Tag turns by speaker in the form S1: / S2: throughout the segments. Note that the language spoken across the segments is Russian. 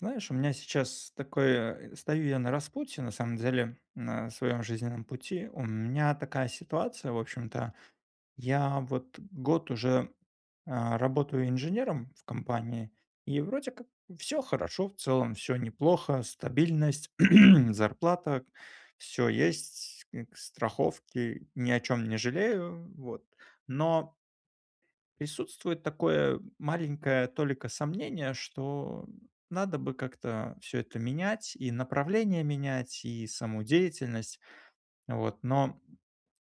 S1: Знаешь, у меня сейчас такое, стою я на распутье, на самом деле, на своем жизненном пути. У меня такая ситуация, в общем-то, я вот год уже, э, работаю инженером в компании. И вроде как всё хорошо, в целом всё неплохо: стабильность, зарплата, всё есть, страховки, ни о чем не жалею, вот, но присутствует такое маленькая толика сомнения, что надо бы как-то всё это менять: и направление менять, и саму деятельность, вот. Но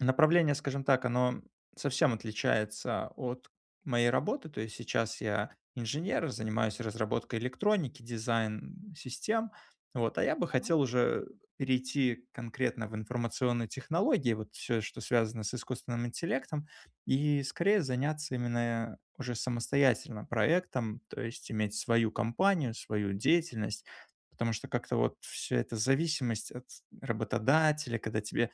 S1: направление, скажем так, оно совсем отличается от моей работы. То есть сейчас я инженер, занимаюсь разработкой электроники, дизайн систем, вот. А я бы
S2: Да.
S1: хотел уже перейти конкретно в информационные технологии, вот всё, что связано с искусственным интеллектом, и скорее заняться именно уже самостоятельно проектом. То есть иметь свою компанию, свою деятельность. Потому что как-то вот всё это- зависимость от работодателя, когда тебя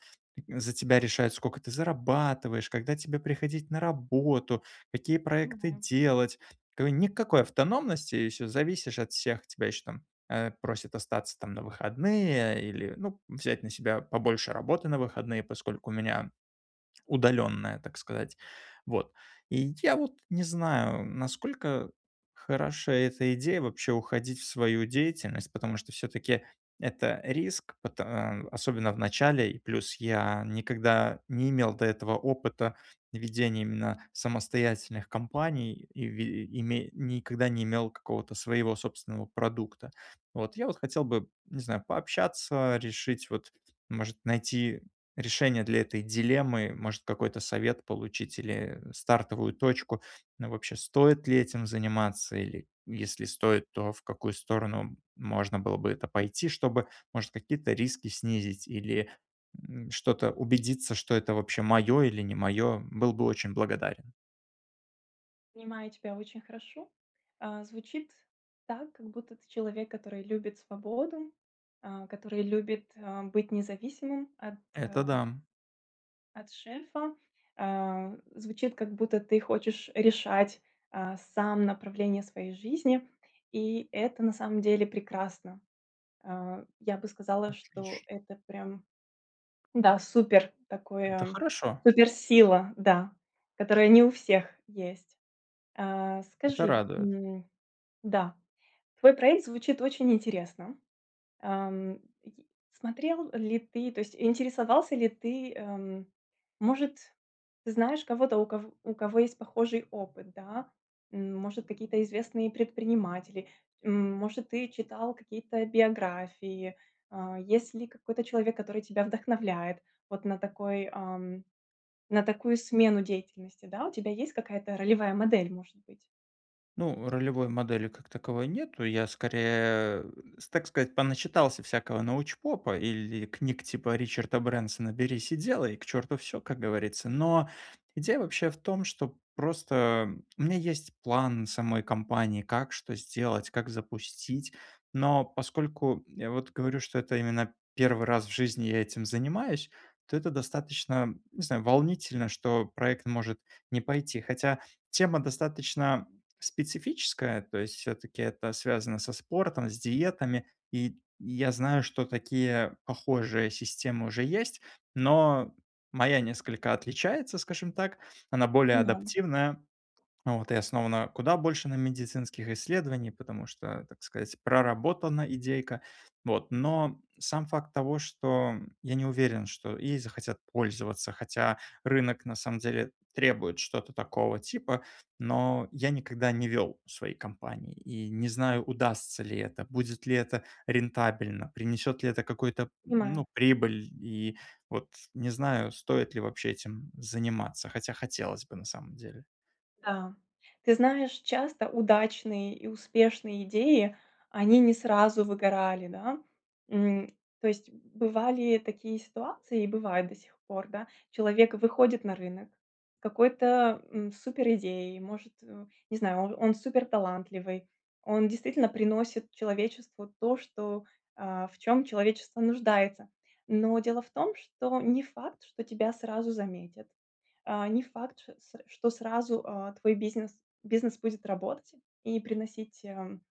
S1: за тебя решают, сколько ты зарабатываешь, когда тебе приходить на работу, какие проекты
S2: Понимаю.
S1: делать. К никакой автономности, и все, зависишь от всех. Тебя еще там, э, просят остаться там на выходные или, ну, взять на себя побольше работы на выходные, поскольку у меня удаленная, так сказать, вот. И я вот не знаю, насколько хороша эта идея вообще- уходить в свою деятельность. Потому что всё-таки это риск, пота э, особенно в начале. И плюс я никогда не имел до этого опыта ведения именно самостоятельных компаний и ви ими никогда не имел какого-то своего собственного продукта. Вот, я вот хотел бы, не знаю, пообщаться, решить, вот, может, найти решение для этой дилеммы. Может, какой-то совет получить или стартовую точку, вообще стоит ли этим заниматься, или если стоит, то в какую сторону можно было бы это пойти, чтобы, может, какие-то риски снизить или, м, что-то убедиться, что это вообще мое, или не мое. Был бы очень благодарен.
S2: Понимаю тебя очень хорошо. А, звучит так, как будто ты- человек, который любит свободу, а, который любит, а, быть независимым от
S1: Это
S2: э
S1: да.
S2: от шефа, э, звучит как будто ты хочешь решать, а, сам направление своей жизни, и это на самом деле прекрасно. А, я бы сказала, что
S1: Отлично.
S2: это прям, да, супер
S1: Это
S2: такое
S1: хорошо!
S2: супер-сила, да, которая не у всех есть. Э,
S1: Это
S2: скажи,
S1: радует.
S2: м, да, твой проект звучит очень интересно. Эм, й смотрел ли ты, то есть, интересовался ли ты, эм, может, знаешь кого-то, у ков у кого есть похожий опыт, да? Может, какие-то известные предприниматели, может, ты читал какие-то биографии, а. Есть ли какой-то человек, который тебя вдохновляет вот на такой, ам, на такую смену деятельности, да. У тебя есть какая-то ролевая модель, может быть?
S1: Ну, ролевой модели, как таковой, нету, я, скорее, э, с так сказать, поначитался всякого научпопа или книг типа Ричарда Брэнсона "Берись и делай!". "К черту всё"- как говорится. Но идея вообще в том, что просто у меня есть план самой кампании: как что сделать, как запустить. Но поскольку, я вот говорю, что это именно 1 раз в жизни я этим занимаюсь, то это достаточно, не знаю, м, волнительно, что проект может не пойти. Хотя тема достаточно специфическая, то есть всё-таки это связано со спортом, с диетами, и я знаю, что такие, похожие системы уже есть. Но моя несколько отличается, скажем так, она более
S2: [unintelligible]
S1: адаптивная, вот, и основана куда больше на медицинских исследованиях, потому что, так сказать, проработана идейка, вот. Но сам факт того, что я не уверен, что ей захотят пользоваться, хотя рынок на самом деле требует что-то такого типа. Но я никогда не вел свои компании и не знаю, удастся ли это, будет ли это рентабельно, принесет ли это какую-то, м,
S2: Понимаю.
S1: ну, прибыль. И вот не знаю, стоит ли вообще этим заниматься, хотя хотелось бы на самом деле.
S2: Да. Ты знаешь, часто удачные и успешные идеи, они не сразу выгорали, да. М, то есть бывали такие ситуации и бывают до сих пор, да. Человек выходит на рынок, какой-то, м, супер идеей, может, э, не знаю, он он супер талантливый. Он действительно приносит человечеству то, что, а, в чём человечество нуждается. Но дело в том, что не факт, что тебя сразу заметят, а, не факт ш c что сразу, а, твой бизнес, бизнес будет работать и приносить, ам,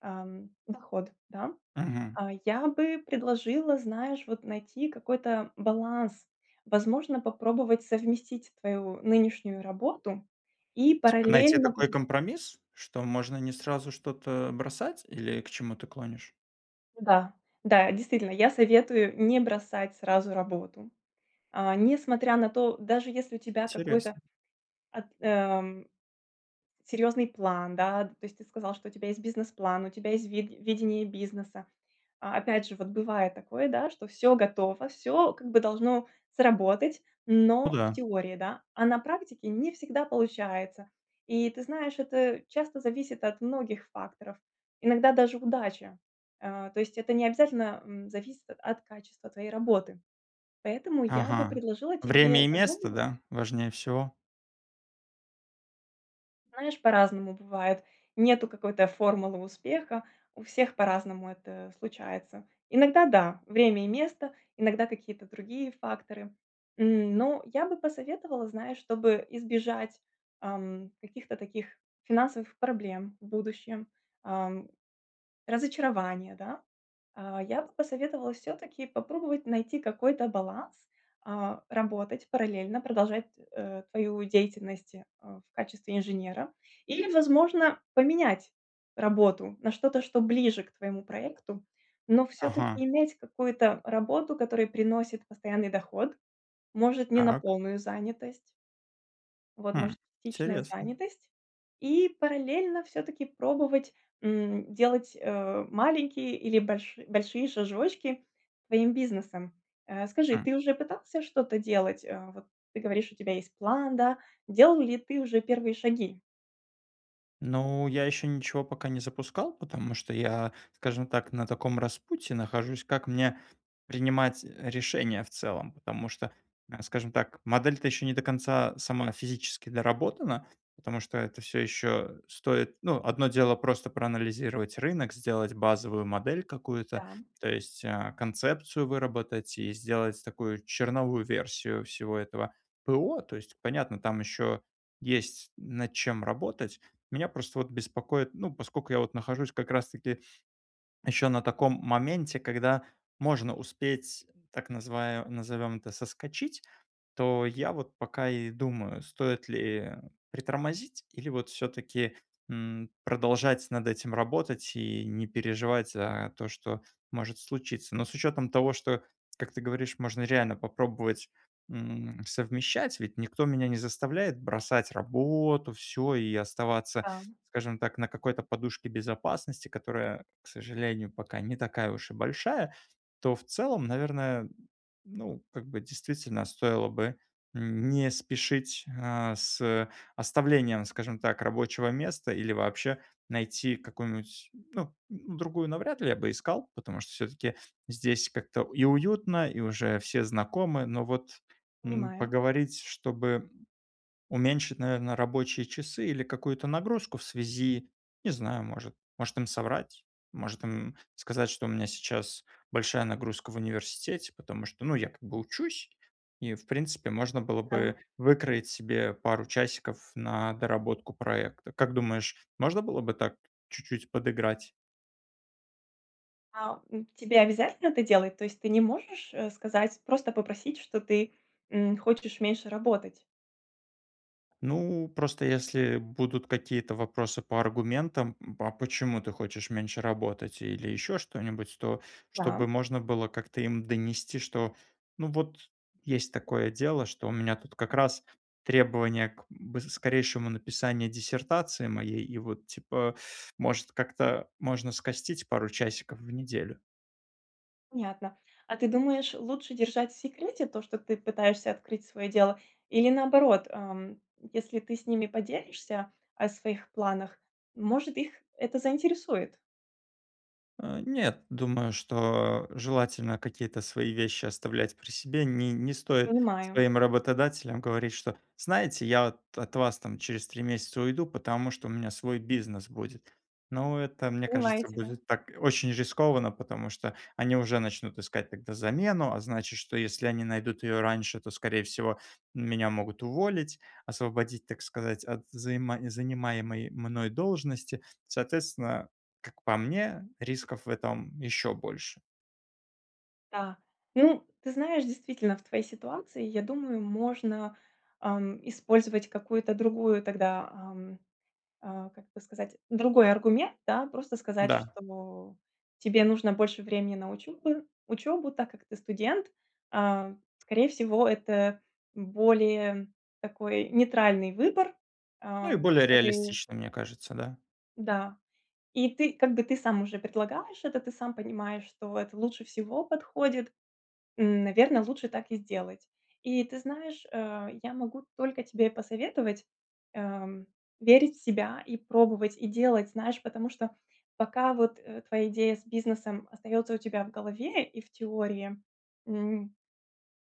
S2: ам, доход, да.
S1: Мгм.
S2: А, я бы предложила, знаешь, вот, найти какой-то баланс, возможно, попробовать совместить твою нынешнюю работу и
S1: Типа найти
S2: параллельно
S1: такой
S2: вых
S1: компромисс? Что можно не сразу что-то бросать. Или к чему ты клонишь?
S2: Да, да. Действительно, я советую не бросать сразу работу, а, не смотря на то даже, если у тебя какой-то
S1: Интересно.
S2: ат ам серьезный план, да. То есть ты сказал, что у тебя есть бизнес-план, у тебя есть ви видение бизнеса. А, опять же, вот бывает такое, да, что всё готово, всё, как бы, должно сработать,
S1: Ну
S2: но- в
S1: да.
S2: теории, да. А на практике не всегда получается. И ты знаешь, это часто зависит от многих факторов. Иногда даже удача. Э, то есть это необязательно, м, зависит от от качества твоей работы. Поэтому я бы
S1: Ага.
S2: предложила тебе
S1: Время и место,
S2: задума
S1: да, важнее всего?
S2: Знаешь, по-разному бывает. Нету какой-то формулы успеха. У всех по-разному это случается. Иногда- да, время и место, иногда- какие-то другие факторы. М, но я бы посоветовала, знаешь, чтобы избежать, ам, каких-то таких финансовых проблем в будущем, ам, разочарования, да. А, я бы посоветовала всё-таки попробовать найти какой-то баланс, а, работать параллельно, продолжать, э, твою деятельность, а, в качестве инженера. Или, возможно, поменять работу на что-то, что ближе к твоему проекту, но всё-таки
S1: Ага.
S2: иметь какую-то работу, которая приносит постоянный доход. Может, не на
S1: Так.
S2: полную занятость. Вот,
S1: Хм.
S2: может частичная
S1: Интересно.
S2: занятость. И параллельно всё-таки пробовать, м, делать, э, маленькие или больши большие шажочки к твоим бизнесам. Э, скажи,
S1: Хм.
S2: ты уже пытался что-то делать? А, вот, ты говоришь: "У тебя есть план", да? Делал ли ты уже первые шаги?
S1: Ну, я ещё ничего пока не запускал. Потому что я, скажем так, на таком распутье нахожусь- как мне принимать, э, решения в целом. Потому что, скажем так, модель то ещё не до конца сама физически доработана, потому что это всё ещё стоит Ну, одно дело- просто проанализировать рынок, сделать базовую модель какую-то.
S2: Да.
S1: То есть, а, концепцию выработать и сделать такую черновую версию всего этого ПО. То есть понятно: там ещё есть над чем работать. Меня просто вот беспокоит, ну, поскольку я вот нахожусь как раз таки ещё на таком моменте, когда можно успеть, так называ назовём это- соскочить, то я вот пока и думаю: стоит ли притормозить или вот всё-таки, м, продолжать над этим работать и не переживать за то, что может случиться. Но с учётом того, что как ты говоришь, можно реально попробовать, м, совмещать. Ведь никто меня не заставляет бросать работу всё и оставаться,
S2: Да.
S1: скажем так, на какой-то на подушке безопасности, которая, к сожалению, пока не такая уж и большая, то в целом наверное, ну, как бы, действительно, стоило бы н не спешить, а, с оставлением, скажем так, рабочего места или вообще найти какую-нибудь ну, другую навряд ли я бы искал, потому что всё-таки здесь как-то и уютно и уже все знакомы. Но вот, м,
S2: Понимаю.
S1: поговорить, чтобы уменьшить наверно рабочие часы или какую-то нагрузку в связи, не знаю, может, может им соврать? Может им, м, сказать, что у меня сейчас большая нагрузка в университете. Потому что, ну, я, как бы, учусь, и в принципе можно было
S2: Да.
S1: бы выкроить себе пару часиков на доработку проекта. Как думаешь, можно было бы так чуть-чуть подыграть?
S2: А, м, тебе обязательно это делать? То есть ты не можешь, э, сказать, просто попросить, что ты, м, хочешь меньше работать?
S1: Ну, просто, если будут какие-то вопросы по аргументам: "М, а почему ты хочешь меньше работать?"- Или ещё что-нибудь, то чтобы
S2: Да.
S1: можно было как-то им донести, что, ну вот есть такое дело, что у меня тут как раз требование к бы скорейшему написанию диссертации моей и вот, типа, может как-то можно скостить пару часиков в неделю.
S2: Понятно. А ты думаешь, лучше держать в секрете то, что ты пытаешься открыть свое дело, или, наоборот, ам, если ты с ними поделишься о своих планах, может, их это заинтересует?
S1: Нет, думаю, что желательно какие-то свои вещи оставлять при себе. Не не стоит
S2: Понимаю.
S1: своим работодателям говорить, что: "Знаете, я вот от вас там через 3 месяца уйду, потому что у меня свой бизнес будет". Но это, мне
S2: Понимаю
S1: кажется,
S2: тебя.
S1: будет так очень рискованно, потому что они уже начнут искать тогда замену, а значит, что если они найдут ее раньше, то, скорее всего, меня могут уволить, освободить, так сказать, от заима занимаемой мной должности. Соответственно, как по мне, рисков в этом еще больше.
S2: Да. Ну, ты знаешь, действительно в твоей ситуации, я думаю, можно, ам, использовать какую-то другую тогда, ам, а, как это сказать, другой аргумент, да. Просто сказать,
S1: Да.
S2: что тебе нужно больше времени на учебу учебу, так как ты студент, а, скорее всего, это более такой нейтральный выбор,
S1: Ну,
S2: а,
S1: и более
S2: одобрение.
S1: реалистично, мне кажется, да.
S2: Да. И ты, как бы ты сам уже предлагаешь это, ты сам понимаешь, что это лучше всего подходит. М, наверно, лучше так и сделать. И ты знаешь, э, я могу только тебе посоветовать, э, верить в себя и пробовать, и делать. Знаешь, потому что пока вот, э, твоя идея с бизнесом остаётся у тебя в голове и в теории, м,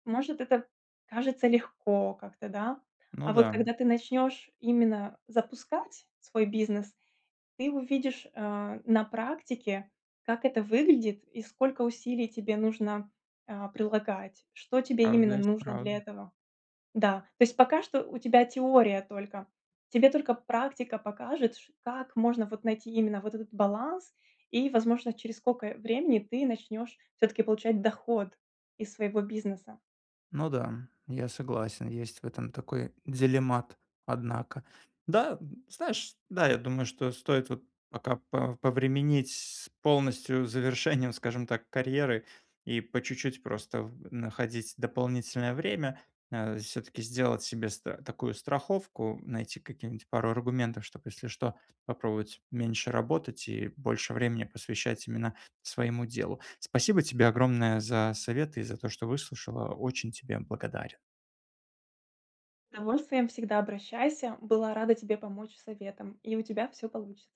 S2: может это кажется легко как-то да. А,
S1: Ну
S2: а вот
S1: да.
S2: когда ты начнёшь именно запускать свой бизнес, ты увидишь, э, на практике, как это выглядит и сколько усилий тебе нужно, э, прилагать, что тебе именно
S1: Правда есть
S2: нужно для
S1: правда.
S2: этого, да. То есть пока что у тебя теория только. Тебе только практика покажет, ч как можно вот найти именно вот этот баланс и, возможно, через сколько времени ты начнёшь всё-таки получать доход из своего бизнеса.
S1: Ну да, я согласен, есть в этом такой делемат, однако. Да, знаешь, да, я думаю что стоит вот пока по повременить с полностью завершением, скажем так, карьеры и по чуть-чуть просто в находить дополнительное время, э, всё-таки сделать себе ст такую страховку, найти какие-нибудь пару аргументов, чтоб, если что, попробовать меньше работать и больше времени посвящать именно своему делу. Спасибо тебе огромное за советы и за то, что выслушала. Очень тебе благодарен.
S2: Удовольствием, всегда обращайся! Была рада тебе помочь советом и у тебя все получится!